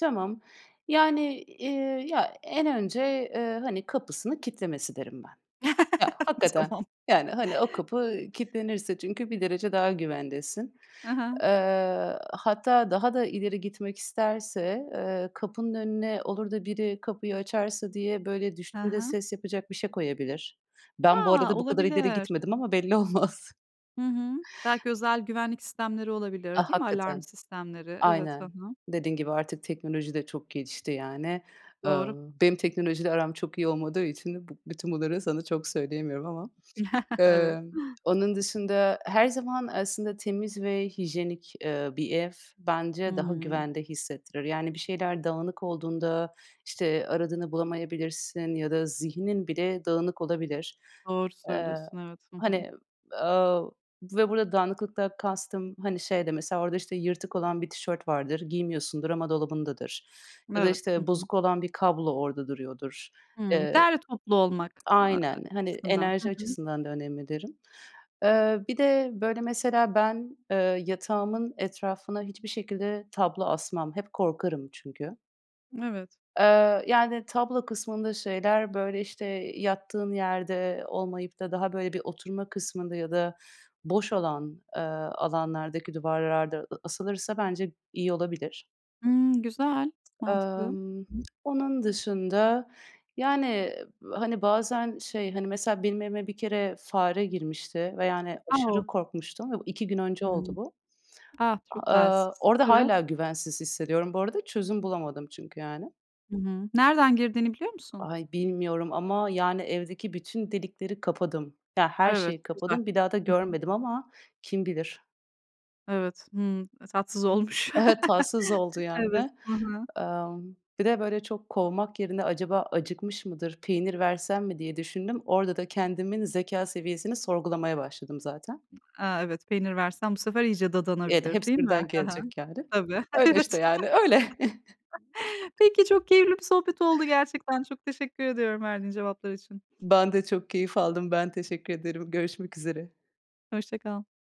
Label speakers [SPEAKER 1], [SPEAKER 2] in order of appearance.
[SPEAKER 1] Tamam yani, eee, ya en önce, eee, hani kapısını kilitlemesi derim ben. Ya hakikaten,
[SPEAKER 2] Tamam.
[SPEAKER 1] yani, hani o kapı kilitlenirse çünkü bir derece daha güvendesin.
[SPEAKER 2] Hı hı.
[SPEAKER 1] Eee, hatta daha da ileri gitmek isterse, eee, kapının önüne olur da biri kapıyı açarsa diye böyle
[SPEAKER 2] Hı
[SPEAKER 1] düştüğünde
[SPEAKER 2] hı.
[SPEAKER 1] ses yapacak bir şey koyabilir. Ben bu
[SPEAKER 2] A!
[SPEAKER 1] arada bu kadar ileri
[SPEAKER 2] Olabilir.
[SPEAKER 1] gitmedim ama belli olmaz.
[SPEAKER 2] Hı hı. Belki özel güvenlik sistemleri
[SPEAKER 1] A,
[SPEAKER 2] olabilir. Değil mi? Alarm
[SPEAKER 1] hakikaten.
[SPEAKER 2] sistemleri. Evet, ha
[SPEAKER 1] Aynen.
[SPEAKER 2] ha.
[SPEAKER 1] Dediğin gibi artık teknoloji de çok gelişti yani. Eee,
[SPEAKER 2] Doğru.
[SPEAKER 1] benim teknolojiyle aram çok iyi olmadığı için bu bütün bunları sana çok söyleyemiyorum ama.
[SPEAKER 2] Evet.
[SPEAKER 1] Emm, onun dışında her zaman aslında temiz ve hijyenik, eee, bir ev bence daha
[SPEAKER 2] Hımm.
[SPEAKER 1] güvende hissettirir, yani bir şeyler dağınık olduğunda, işte, aradığını bulamayabilirsin ya da zihnin bile dağınık olabilir.
[SPEAKER 2] Doğru
[SPEAKER 1] Eee,
[SPEAKER 2] söylüyorsun, evet. Hı hı.
[SPEAKER 1] hani, aaa, ve burada dağınıklıktan kastım, hani şey de mesela, orada işte yırtık olan bir tişört vardır, giymiyorsundur ama dolabındadır ya da
[SPEAKER 2] Evet. Hı
[SPEAKER 1] işte
[SPEAKER 2] hı.
[SPEAKER 1] bozuk olan bir kablo orada duruyordur.
[SPEAKER 2] Hımm,
[SPEAKER 1] Eee,
[SPEAKER 2] derli toplu olmak a a
[SPEAKER 1] aynen, hani
[SPEAKER 2] açısından. Hı
[SPEAKER 1] enerji
[SPEAKER 2] hı.
[SPEAKER 1] açısından da önemli derim. Eee, bir de böyle mesela ben, eee, yatağımın etrafına hiçbir şekilde tablo asmam. Hep korkarım çünkü.
[SPEAKER 2] Evet.
[SPEAKER 1] Eee, yani tablo kısmında şeyler, böyle işte, yattığın yerde olmayıp da daha böyle bir oturma kısmında ya da boş olan, eee, alanlardaki duvarlarda a asılırsa bence iyi olabilir.
[SPEAKER 2] Hımm, güzel, mantıklı. Hı
[SPEAKER 1] Amm
[SPEAKER 2] hı.
[SPEAKER 1] onun dışında, yani hani bazen şey, hani, mesela benim evime bir kere fare girmişti ve yani
[SPEAKER 2] O!
[SPEAKER 1] aşırı korkmuştum ve 2 gün önce oldu
[SPEAKER 2] Hımm.
[SPEAKER 1] bu.
[SPEAKER 2] Ah çok
[SPEAKER 1] A eee,
[SPEAKER 2] talihsiz.
[SPEAKER 1] orada
[SPEAKER 2] Evet.
[SPEAKER 1] hâlâ güvensiz hissediyorum. Bu arada çözüm bulamadım çünkü yani.
[SPEAKER 2] Hı hı. Nereden girdiğini biliyor musun?
[SPEAKER 1] Ay bilmiyorum ama yani, evdeki bütün delikleri kapadım. Ya, her
[SPEAKER 2] Evet,
[SPEAKER 1] şeyi
[SPEAKER 2] güzel.
[SPEAKER 1] kapadım, bir daha da
[SPEAKER 2] Hı hı.
[SPEAKER 1] görmedim ama kim bilir?
[SPEAKER 2] Evet, hımm. Eee, tatsız olmuş.
[SPEAKER 1] Tatsız oldu
[SPEAKER 2] Evet,
[SPEAKER 1] yani.
[SPEAKER 2] hı hı.
[SPEAKER 1] Amm, bir de böyle çok kovmak yerine acaba acıkmış mıdır, peynir versem mi diye düşündüm. Orada da kendimin zekâ seviyesini sorgulamaya başladım zaten.
[SPEAKER 2] A, evet, peynir versen bu sefer iyice
[SPEAKER 1] Evet.
[SPEAKER 2] dadanabilir,
[SPEAKER 1] Hepsi
[SPEAKER 2] değil mi?
[SPEAKER 1] birden
[SPEAKER 2] Hı hı.
[SPEAKER 1] gelecek yani.
[SPEAKER 2] Tabii.
[SPEAKER 1] Öyle işte
[SPEAKER 2] Evet.
[SPEAKER 1] yani, öyle.
[SPEAKER 2] Peki, çok keyifli bir sohbet oldu gerçekten. Çok teşekkür ediyorum verdiğin cevaplar için.
[SPEAKER 1] Ben de çok keyif aldım. Ben teşekkür ederim. Görüşmek üzere.
[SPEAKER 2] Hoşça kal.